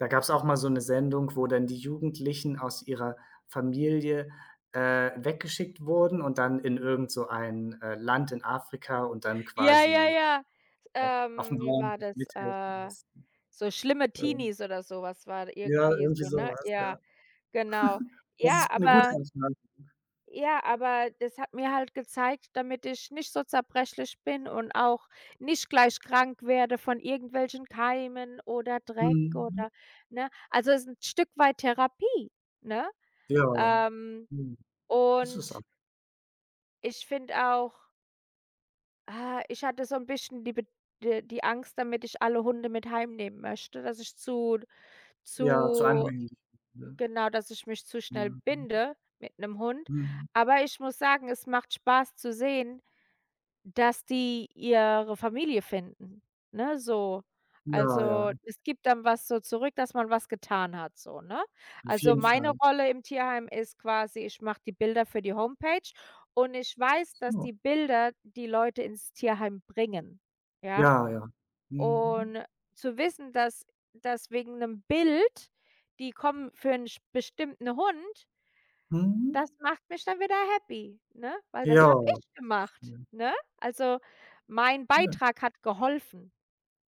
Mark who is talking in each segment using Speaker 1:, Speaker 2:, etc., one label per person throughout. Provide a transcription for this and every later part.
Speaker 1: Da gab es auch mal so 'ne Sendung, wo dann die Jugendlichen aus ihrer Familie, äh, weggeschickt wurden und dann in irgend so ein, äh, Land in Afrika und dann
Speaker 2: Ja, ja,
Speaker 1: quasi,
Speaker 2: ja.
Speaker 1: äh, aufm
Speaker 2: Ähm, wie
Speaker 1: Bauernhof
Speaker 2: war das?
Speaker 1: mithelfen
Speaker 2: Äh,
Speaker 1: mussten.
Speaker 2: so schlimme
Speaker 1: Ähm
Speaker 2: Teenies oder sowas war
Speaker 1: Ja
Speaker 2: irgendwie
Speaker 1: irgendwie
Speaker 2: so, ne?
Speaker 1: sowas, ja.
Speaker 2: Ja, genau.
Speaker 1: Das
Speaker 2: Ja,
Speaker 1: ist 'ne gute
Speaker 2: aber
Speaker 1: Entscheidung.
Speaker 2: Ja, aber das hat mir halt gezeigt damit ich nicht so zerbrechlich bin und auch nicht gleich krank werde von irgendwelchen Keimen oder Dreck
Speaker 1: Mhm.
Speaker 2: oder, ne? Also es ist 'n Stück weit Therapie, ne?
Speaker 1: Ja.
Speaker 2: Ähm,
Speaker 1: Mhm. Ist es a
Speaker 2: und ich finde auch Ah, ich hatte so 'n bisschen die Bed äh, die Angst damit ich alle Hunde mit heimnehmen möchte, dass ich zu
Speaker 1: Ja, zu
Speaker 2: zu
Speaker 1: anhänglich, ne?
Speaker 2: genau, dass ich mich zu schnell
Speaker 1: Mhm.
Speaker 2: binde mit 'nem Hund.
Speaker 1: Mhm.
Speaker 2: Aber ich muss sagen, es macht Spaß zu sehen, dass die ihre Familie finden, ne, so.
Speaker 1: Ja,
Speaker 2: Also,
Speaker 1: ja.
Speaker 2: es gibt dann was so zurück, dass man was getan hat so, ne?
Speaker 1: Auf
Speaker 2: Also,
Speaker 1: jeden
Speaker 2: meine
Speaker 1: Fall.
Speaker 2: Rolle im Tierheim ist quasi, ich mache die Bilder für die Homepage und ich weiß, dass
Speaker 1: [unintelligible]
Speaker 2: die Bilder die Leute ins Tierheim bringen, ja?
Speaker 1: Ja, ja. Mhm.
Speaker 2: Und zu wissen, dass dass wegen 'nem Bild die kommen für 'n sp bestimmten Hund
Speaker 1: Mhm.
Speaker 2: Das macht mich dann wieder happy, ne? Weil
Speaker 1: Ja,
Speaker 2: das habe ich gemacht,
Speaker 1: schön.
Speaker 2: ne? Also, mein
Speaker 1: Schön.
Speaker 2: Beitrag hat geholfen,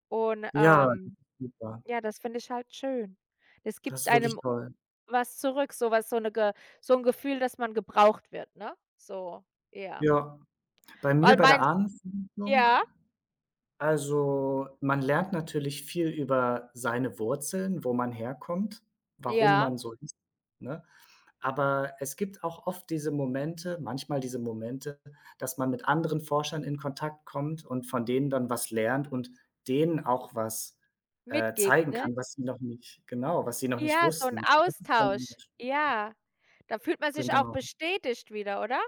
Speaker 2: und,
Speaker 1: Ja, das ist
Speaker 2: ähm
Speaker 1: super.
Speaker 2: ja, das finde ich halt schön. Es
Speaker 1: Das
Speaker 2: gibt
Speaker 1: ist wirklich
Speaker 2: einem
Speaker 1: toll.
Speaker 2: was zurück, sowas so 'ne Ge so 'n Gefühl, dass man gebraucht wird, ne, so. Ja.
Speaker 1: Ja, bei mir
Speaker 2: Weil
Speaker 1: bei der
Speaker 2: mein
Speaker 1: Ahnenforschung?
Speaker 2: ja?
Speaker 1: Also, man lernt natürlich viel über seine Wurzeln, wo man herkommt, warum man
Speaker 2: Ja.
Speaker 1: so ist, ne? Aber es gibt auch oft diese Momente manchmal diese Momente, dass man mit anderen Forschern in Kontakt kommt und von denen dann was lernt und denen auch was, äh,
Speaker 2: Mitgibt,
Speaker 1: zeigen
Speaker 2: ne?
Speaker 1: kann, was sie noch nicht genau, was sie noch nicht
Speaker 2: Ja, so 'n
Speaker 1: wussten. Und das ist dann immer
Speaker 2: Austausch.
Speaker 1: schön.
Speaker 2: Ja. Da fühlt man sich auch
Speaker 1: [unintelligible]
Speaker 2: bestätigt wieder, oder?